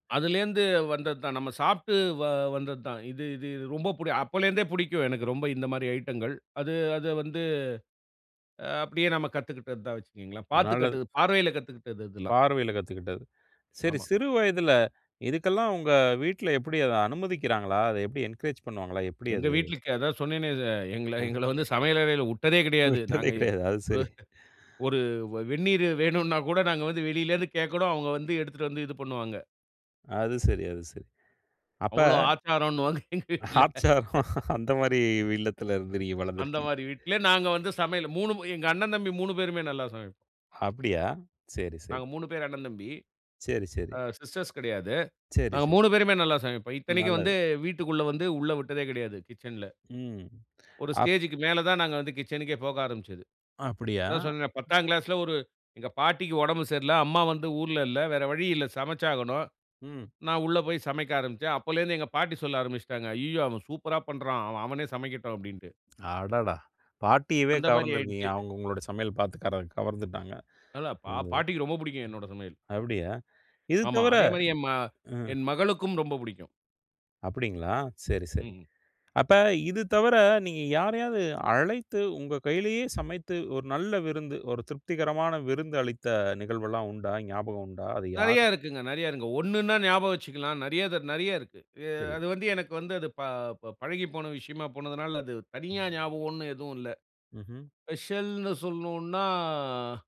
அதுலேருந்து வந்தது தான். நம்ம சாப்ட்டு வ வந்தது தான். இது இது ரொம்ப புடி அப்போலேருந்தே புடிக்கும், எனக்கு ரொம்ப இந்த மாதிரி ஐட்டங்கள். அது அது வந்து, அப்படியே நம்ம கத்துக்கிட்டது தான் வச்சிக்கிங்களேன். பாத்து நல்லது. கட்டு பார்வையில கத்துகிட்டது இதெல்லாம். பார்வையில கத்துக்கிட்டது. சரி, ஆமா. சிறு வயதுல இதுக்கெல்லாம் உங்க வீட்ல எப்படி அத அனுமதிக்கிறாங்களா? அத எப்புடி என்கரேஜ் பண்ணுவாங்களா? எப்படி எங்க அது? வீட்லருக்கு. அதான் சொன்னேனே அத, எங்கள ம். எங்கள வந்து சமையலறையில உட்டதே கிடையாது. விட்டதே நாங்க இ கிடையாது. அது ஒரு சரி. ஒரு வெ வெண்ணீரு வேணும்ன்னா கூட, நாங்க வந்து வெளியிலருந்து கேட்கணும். அவுங்க வந்து எடுத்துட்டு வந்து இது பண்ணுவாங்க. அது சரி, அது சரி. அப்ப அவ்வளோ ஆச்சாரம்ன்னுவாங்க, எங்க வீட்ல. ஆச்சாரம், அந்த மாரி இல்லத்திலருந்து நீங்க அந்த வளர்ந்திருக்கீங்க. மாரி வீட்ல, நாங்க வந்து சமையல் 3 ம் எங்க அண்ணன் தம்பி 3 பேருமே நல்லா சமைப்போம். அப்படியா? சரி, சரி. நாங்க 3 பேர் அண்ணன் தம்பி. சரி, சரி. ஆ சிஸ்டர்ஸ் கெடையாது. சரி, நாங்க சரி. 3 பேருமே நல்லா சமைப்போம். ம். இத்தனைக்கும் நல்லது. வந்து, வீட்டுக்குள்ள வந்து உள்ள வுட்டதே கெடையாது, கிச்சன்ல. ம். ஒரு அப் ஸ்டேஜ்க்கு மேல தான் நாங்க வந்து கிச்சனுக்கே போக ஆரம்பிச்சது. அப்படியா? அதான் சொன்னேனே, 10ங்கிளாஸ்ல ஒரு எங்க பாட்டிக்கு ஒடம்பு சரியில்ல, அம்மா வந்து ஊர்ல இல்ல. வேற வழி இல்ல சமைச்சாகணும். ம். நான் உள்ள போய் சமைக்க ஆரம்பிச்சேன். அப்போலேருந்து எங்க பாட்டி சொல்ல ஆரம்பிச்சுட்டாங்க. "அய்யயோ! அவன் சூப்பரா பண்ணுறான். அவன் அவனே சமைக்கட்டும்." அப்படீன்ட்டு. அடடா! பாட்டியவே அந்த மாதிரி கவர்ந்திருக்கீங்க. ஆயிடுச்சு. அவுங்க உங்களோட சமையல் பாத்து கர கவர்ந்துட்டாங்க. அதான் பா அந்த இதுல. பாட்டிக்கு ரொம்ப புடிக்கும் என்னோட சமையல். அப்படியா? இது ஆமா. தவிர அதே மாரி என் ம அ. என் மகளுக்கும் ரொம்ப புடிக்கும். அப்டீங்களா? சரி, சரி. ம். அப்ப இது தவிர, நீங்க யாரையாவது அழைத்து, உங்க கையிலேயே சமைத்து ஒரு நல்ல விருந்து, ஒரு திருப்திகரமான விருந்து அளித்த நிகழ்வுல்லாம் உண்டா? ஞாபகம் உண்டா? அது நெறைய யார்? இருக்குங்க. நெறைய இருக்கு. ஒண்ணுன்னா ஞாபகம் வச்சுக்கலாம். நெறைய தர நெறைய இருக்கு. அ சரி. அது வந்து எனக்கு வந்து அது ப பழகி போன விஷயமா போனதனால, அது தனியா ஞாபகம் ஒண்ணு எதுவும் இல்ல. ம்ஹ்ம். ஸ்பெஷல்ன்னு சொல்லணும்ன்னா